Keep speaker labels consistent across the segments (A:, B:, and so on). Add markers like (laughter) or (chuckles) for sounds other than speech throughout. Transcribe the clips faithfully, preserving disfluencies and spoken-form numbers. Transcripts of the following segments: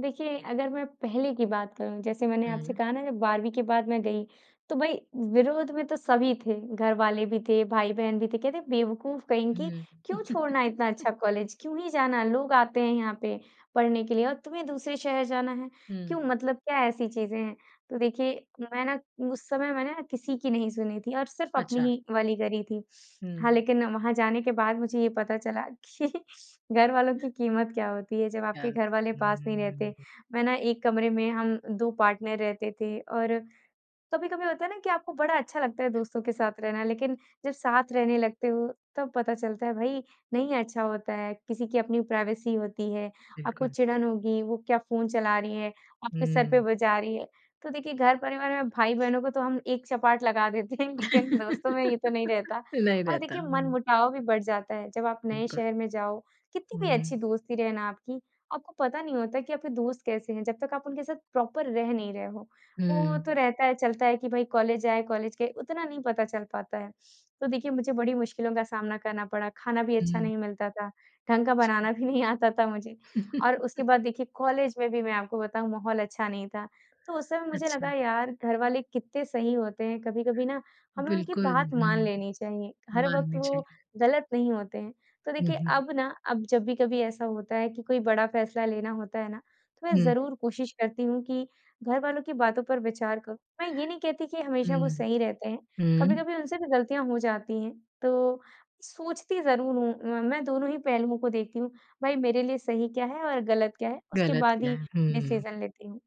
A: देखिए, अगर मैं पहले की बात करूँ, जैसे मैंने आपसे
B: हुँ।
A: कहा ना जब बारहवीं के बाद मैं गई, तो भई, विरोध में तो सभी थे, घर वाले भी थे, भाई-बहन भी थे। कहते, "बेवकूफ कहीं
B: उ,
A: की,
B: हुँ।
A: क्यों छोड़ना इतना
B: (chuckles)
A: अच्छा कॉलेज, क्यों ही जाना? लोग आते हैं यहाँ पे पढ़ने के लिए और तुम्हें दूसरे शहर जाना है, क्यों,
B: हुँ।
A: मतलब क्या ऐसी चीज़ें हैं?" तो देखिए, मैं ना उस समय मैंने ना किसी की नहीं सुनी थी और सिर्फ अपनी
B: अच्छा।
A: ही वाली करी थी। हाँ,
B: हुँ।
A: लेकिन वहाँ जाने के बाद मुझे ये पता चला कि घरवालों की कीमत क्या होती है, जब
B: क्या
A: आपके
B: बात
A: घर वाले
B: है, हुँ,
A: पास
B: हुँ,
A: नहीं
B: हुँ,
A: रहते।
B: हुँ।
A: मैं ना एक कमरे में हम दो पार्टनर रहते थे, और कभी-कभी होता है ना कि आपको बड़ा अच्छा लगता है दोस्तों के साथ रहना, लेकिन जब साथ रहने लगते हो तब पता चलता है भई, नहीं अच्छा होता है, किसी की अपनी प्राइवेसी होती है, आपको
B: बिल्कुल।
A: चिड़न होगी, वो क्या फ़ोन चला रही है, आपके सर पे
B: हुँ।
A: बजा रही है। तो देखिए घर परिवार में भाई-बहनों को तो हम एक चपाट लगा देते हैं, लेकिन दोस्तों में ये तो नहीं
B: (laughs)
A: रहता,
B: नहीं
A: और
B: रहता
A: देखिए
B: हूँ।
A: मनमुटाव भी बढ़ जाता है। जब आप नए
B: बिल्कुल।
A: शहर में जाओ, कितनी भी अच्छी
B: हुँ।
A: दोस्ती रहे ना आपकी, आपको पता नहीं होता कि आपके दोस्त कैसे हैं, जब तक आप उनके साथ प्रॉपर रह नहीं रहे हो। वो
B: हुँ।
A: तो रहता है, चलता है कि भई, कॉलेज आए, कॉलेज के उतना नहीं पता चल पाता है। तो देखिए, मुझे बड़ी मुश्किलों का सामना करना पड़ा, खाना भी अच्छा
B: हुँ।
A: नहीं मिलता था, ढंग का बनाना भी नहीं आता था मुझे। और उसके
B: (chuckles)
A: बाद देखिए कॉलेज में भी मैं आपको बताऊँ, माहौल अच्छा नहीं था। तो उस समय मुझे लगा,
B: अच्छा।
A: यार, घरवाले कितने सही होते हैं, कभी-कभी ना हमें उनकी
B: बिल्कुल,
A: बात मान
B: हुँ।
A: लेनी चाहिए, हर वक़्त
B: माननी
A: वो
B: चाहिए।
A: गलत नहीं होते हैं। तो
B: हुँ,
A: देखिए,
B: हुँ।
A: अब ना अब जब भी कभी ऐसा होता है कि कोई बड़ा फैसला लेना होता है ना, तो मैं
B: हुँ।
A: ज़रूर कोशिश करती हूँ कि घरवालों की बातों पर विचार करूँ। मैं ये नहीं कहती कि हमेशा वो
B: हुँ।
A: सही रहते हैं,
B: हुँ।
A: कभी-कभी उनसे भी गलतियाँ हो जाती हैं। तो सोचती ज़रूर हूँ, मैं मैं दोनों ही पहलुओं को देखती हूँ, भाई, मेरे लिए सही क्या है और गलत क्या है, उसके
B: गलत
A: बाद
B: किया
A: ही
B: है, हुँ।
A: डिसीज़न लेती हूँ।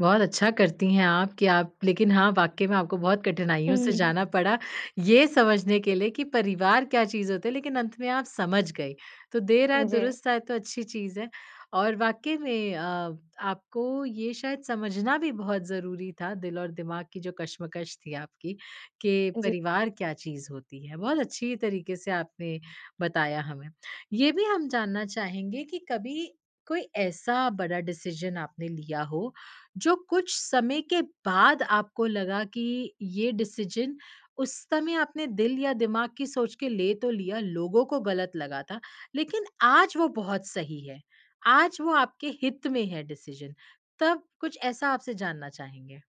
B: बहुत अच्छा करती हैं आप कि आप लेकिन हाँ, वाक़ई में आपको बहुत
A: हुँ,
B: कठिनाइयों
A: हुँ,
B: से
A: हुँ, हुँ।
B: जाना पड़ा, ये समझने के लिए कि परिवार क्या चीज़ होता है। लेकिन अंत में आप समझ गईं, तो देर आए
A: उ, जी।
B: दुरुस्त आए, तो अच्छी चीज़ है। और वाक़ई में अ, आपको ये शायद समझना भी बहुत ज़रूरी था, दिल और दिमाग की जो कश्मकश थी आपकी कि
A: जी।
B: परिवार क्या चीज़ होती है। बहुत अच्छी तरीके से आपने बताया हमें। ये भी हम जानना चाहेंगे कि कभी कोई ऐसा बड़ा डिसीज़न आपने लिया हो, जो कुछ समय के बाद आपको लगा कि ये डिसीज़न उस समय आपने दिल या दिमाग की सोच के ले तो लिया, लोगों को गलत लगा था, लेकिन आज वो बहुत सही है, आज वो आपके हित में है डिसीज़न। तब कुछ ऐसा आपसे जानना चाहेंगे।